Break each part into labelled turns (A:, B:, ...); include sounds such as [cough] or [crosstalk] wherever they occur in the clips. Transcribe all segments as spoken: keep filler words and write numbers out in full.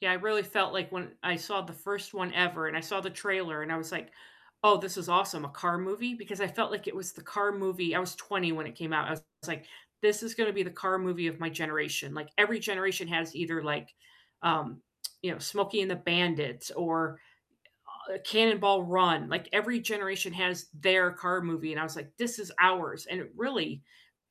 A: Yeah, I really felt like, when I saw the first one ever and I saw the trailer and I was like, "Oh, this is awesome, a car movie." Because I felt like it was the car movie I was twenty when it came out, I was like, "This is gonna be the car movie of my generation." Like every generation has either, like, um, you know, Smokey and the Bandits or, uh, Cannonball Run, like every generation has their car movie, and I was like, "This is ours." And it really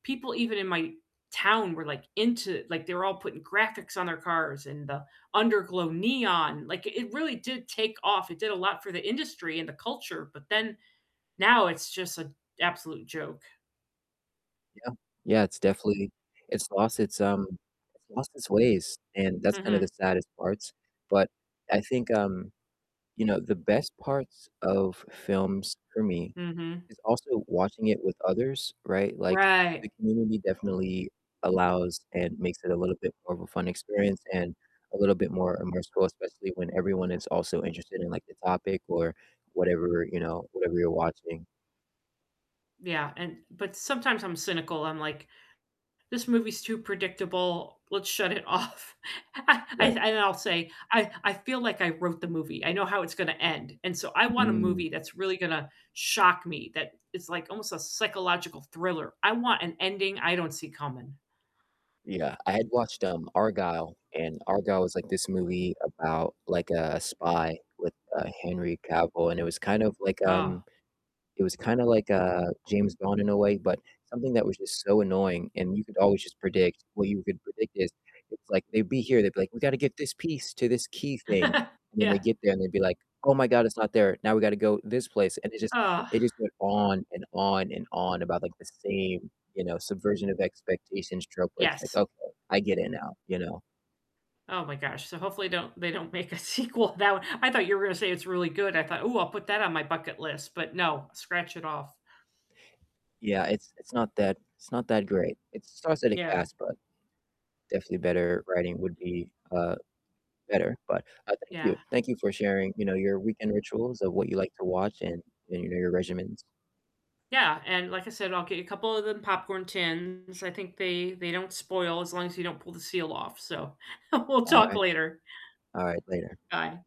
A: people even in my town were, like, into, like, they were all putting graphics on their cars and the under-glow neon, like it really did take off. It did a lot for the industry and the culture, but then now it's just an absolute joke.
B: Yeah. Yeah, it's definitely it's lost its, um, its lost its ways, and that's kind of the
A: Mhm.
B: saddest parts. But I think, um, you know, the best parts of films for me
A: Mhm.
B: is also watching it with others, right? Like, the
A: Right.
B: community definitely allows and makes it a little bit more of a fun experience and a little bit more immersive, especially when everyone is also interested in, like, the topic or whatever, you know, whatever you're watching.
A: Yeah, and but sometimes I'm cynical. I'm like, "This movie's too predictable. Let's shut it off." I I
B: Right.
A: and then I'll say, "I I feel like I wrote the movie, I know how it's gonna end." And so, I want a
B: Mm.
A: movie that's really gonna shock me, that is, like, almost a psychological thriller. I want an ending I don't see coming.
B: Yeah, I had watched, um, Argylle, and Argylle was, like, this movie about, like, a spy with, uh, Henry Cavill, and it was kind of like, um,
A: Oh.
B: it was kinda like, uh, James Bond in a way, but something that was just so annoying, and you could always just predict what you could predict is, it's like they'd be here, they'd be like, "We gotta get this piece to this key thing."
A: [chuckles]
B: And then they
A: Yeah.
B: get there, and they'd be like, "Oh my god, it's not there. Now we gotta go this place." And it just,
A: Ugh.
B: it just went on and on and on about, like, the same, you know, subversion of expectations trope where it's like,
A: Yes.
B: "Okay, I get it now," you know?
A: Oh my gosh, so hopefully don't they don't make a sequel to that one I thought you were gonna say it's really good. I thought, "Ooh, I'll put that on my bucket list." But no, scratch it off.
B: Yeah. It's it's not that it's not that great. It stars Eddie
A: Yeah.
B: Cass, but definitely better writing would be, uh, better. But, uh, thank
A: Yeah.
B: you. Thank you for sharing, you know, your weekend rituals of what you like to watch and and, you know, your regimens.
A: Yeah, and like I said, I'll get you a couple of them popcorn tins, I think they they don't spoil as long as you don't pull the seal off. So we'll talk
B: Alright.
A: later.
B: Alright, later.
A: Bye.